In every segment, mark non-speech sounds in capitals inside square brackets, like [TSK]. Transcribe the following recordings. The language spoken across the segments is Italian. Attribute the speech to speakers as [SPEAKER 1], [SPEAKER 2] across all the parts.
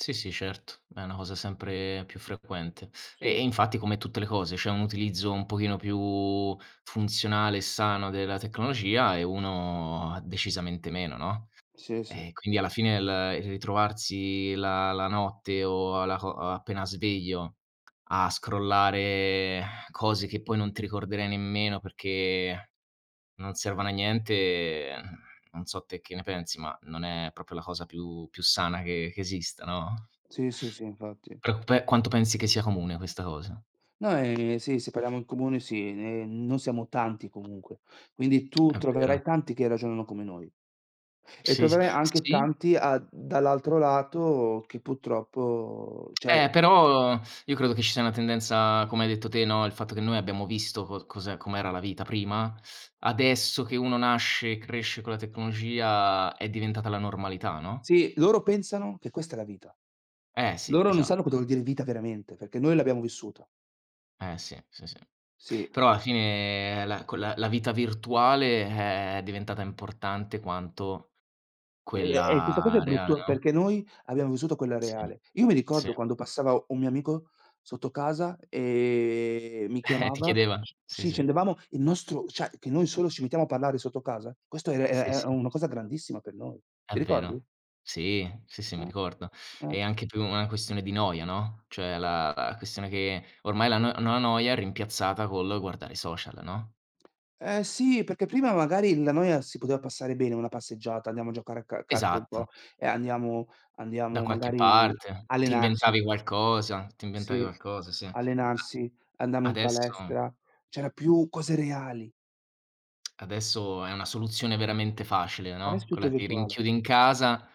[SPEAKER 1] Sì, sì, certo, è una cosa sempre più frequente. E
[SPEAKER 2] Sì.
[SPEAKER 1] e infatti, come tutte le cose, c'è un utilizzo un pochino più funzionale e sano della tecnologia, e uno decisamente meno, no.
[SPEAKER 2] Sì, sì.
[SPEAKER 1] E quindi, alla fine l il ritrovarsi la la notte o alla co o appena sveglio a scrollare [EXHALES] cose che poi non ti ricorderai nemmeno, perché non servono a niente, [EXHALES] non so te che ne pensi, ma non è proprio la cosa più più sana che che esista, no?
[SPEAKER 2] Sì, sì, sì infatti.
[SPEAKER 1] Pre un pe quanto pensi che sia comune questa cosa?
[SPEAKER 2] No, ehm, sì, se parliamo in comune sì, ehm, noi siamo tanti comunque. Quindi
[SPEAKER 1] [CLICKS TONGUE]
[SPEAKER 2] tu
[SPEAKER 1] È vero.
[SPEAKER 2] troverai tanti che ragionano come noi. E
[SPEAKER 1] Sì, s
[SPEAKER 2] troverai anche
[SPEAKER 1] sì.
[SPEAKER 2] tanti a dall'altro lato che purtroppo,
[SPEAKER 1] [CLICKS TONGUE]
[SPEAKER 2] cioè
[SPEAKER 1] Eh, però io credo che ci sia una tendenza, come hai detto te, no il fatto che noi abbiamo visto co cos'è com'era la vita prima. Adesso che uno nasce e cresce con la tecnologia è diventata la normalità, no?
[SPEAKER 2] Sì, loro pensano che questa è la vita.
[SPEAKER 1] Eh sì,
[SPEAKER 2] Loro non
[SPEAKER 1] esat
[SPEAKER 2] sanno cosa vuol dire vita veramente, perché noi l'abbiamo vissuta.
[SPEAKER 1] Eh sì, sì, sì.
[SPEAKER 2] Sì.
[SPEAKER 1] Però alla fine la quella la vita virtuale è diventata importante quanto
[SPEAKER 2] E e e questa cosa
[SPEAKER 1] quella
[SPEAKER 2] è
[SPEAKER 1] reale,
[SPEAKER 2] brutto perché
[SPEAKER 1] no.
[SPEAKER 2] noi abbiamo vissuto quella
[SPEAKER 1] Sì.
[SPEAKER 2] reale. Io mi
[SPEAKER 1] Sì.
[SPEAKER 2] ricordo quando passava un mio amico sotto casa e mi
[SPEAKER 1] Eh! Ti
[SPEAKER 2] chiamava
[SPEAKER 1] chiedevan
[SPEAKER 2] sc
[SPEAKER 1] sì,
[SPEAKER 2] sì,
[SPEAKER 1] sì.
[SPEAKER 2] scendevamo, il nostro cioè che noi solo ci mettiamo a parlare sotto casa, questo era era
[SPEAKER 1] Sì,
[SPEAKER 2] era era
[SPEAKER 1] sì.
[SPEAKER 2] una cosa grandissima per noi.
[SPEAKER 1] È
[SPEAKER 2] Ti ricordi?
[SPEAKER 1] vero. Sì, sì, sì, mi
[SPEAKER 2] Mh.
[SPEAKER 1] ricordo. È
[SPEAKER 2] Mh.
[SPEAKER 1] anche più una questione di noia, no, cioè la la questione che ormai la no no la noia è rimpiazzata col guardare i social, no?
[SPEAKER 2] Eh sì, perché prima magari la noia si poteva passare bene una passeggiata, andiamo a giocare a ca calcio un
[SPEAKER 1] Esatto.
[SPEAKER 2] po', e andiamo
[SPEAKER 1] Da
[SPEAKER 2] andiamo
[SPEAKER 1] qualche
[SPEAKER 2] magari
[SPEAKER 1] parte ti
[SPEAKER 2] allenarci.
[SPEAKER 1] inventavi qualcosa, ti inventavi
[SPEAKER 2] Sì,
[SPEAKER 1] qualcosa, sì. A
[SPEAKER 2] allenarsi, andavamo in
[SPEAKER 1] adesso
[SPEAKER 2] palestra, c'era più cose reali.
[SPEAKER 1] [CLICKS TONGUE] adesso è una soluzione veramente facile,
[SPEAKER 2] Adesso
[SPEAKER 1] no,
[SPEAKER 2] è tutto
[SPEAKER 1] quella: ti
[SPEAKER 2] virtuale.
[SPEAKER 1] rinchiudi in casa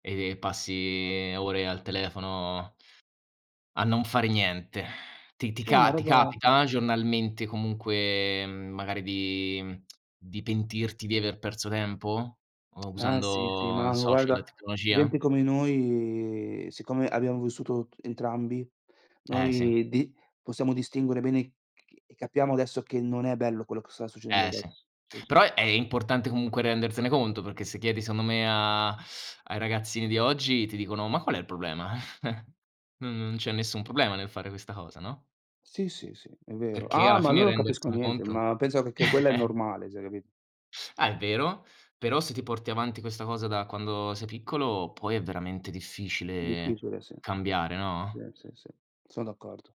[SPEAKER 1] e passi ore al telefono a non fare niente. Ti ti
[SPEAKER 2] Sì, una
[SPEAKER 1] ca ti
[SPEAKER 2] roba per
[SPEAKER 1] capita
[SPEAKER 2] come
[SPEAKER 1] giornalmente comunque, mhmm, magari di mhmm, [TSK] di pentirti di aver perso tempo u
[SPEAKER 2] [TSK] Eh sì, sì,
[SPEAKER 1] usando
[SPEAKER 2] ma
[SPEAKER 1] social e
[SPEAKER 2] guarda,
[SPEAKER 1] tecnologia?
[SPEAKER 2] gente come noi, siccome abbiamo vissuto t entrambi,
[SPEAKER 1] Eh sì.
[SPEAKER 2] noi di possiamo distinguere bene e c e capiamo adesso che non è bello quello che sta succedendo
[SPEAKER 1] Eh sì.
[SPEAKER 2] adesso. Sì, sì.
[SPEAKER 1] Però, è importante comunque rendertene conto, perché se chiedi, secondo me, a ai ragazzini di oggi ti dicono: "Ma qual è il problema? [CHUCKLES] N non c'è nessun problema nel fare questa cosa, no?"
[SPEAKER 2] Sì, sì, sì è vero.
[SPEAKER 1] Perché
[SPEAKER 2] Ah,
[SPEAKER 1] alla
[SPEAKER 2] ma loro
[SPEAKER 1] fine
[SPEAKER 2] non capiscono
[SPEAKER 1] rendersene
[SPEAKER 2] niente,
[SPEAKER 1] conto
[SPEAKER 2] ma pensano che che quella è
[SPEAKER 1] [LAUGHS]
[SPEAKER 2] normale, cioè capi
[SPEAKER 1] Ah, è vero. Però se ti porti avanti questa cosa da quando sei piccolo, poi è veramente difficile
[SPEAKER 2] Difficile, sì.
[SPEAKER 1] cambiare,
[SPEAKER 2] Sì,
[SPEAKER 1] no?
[SPEAKER 2] sì, sì. Sono d'accordo.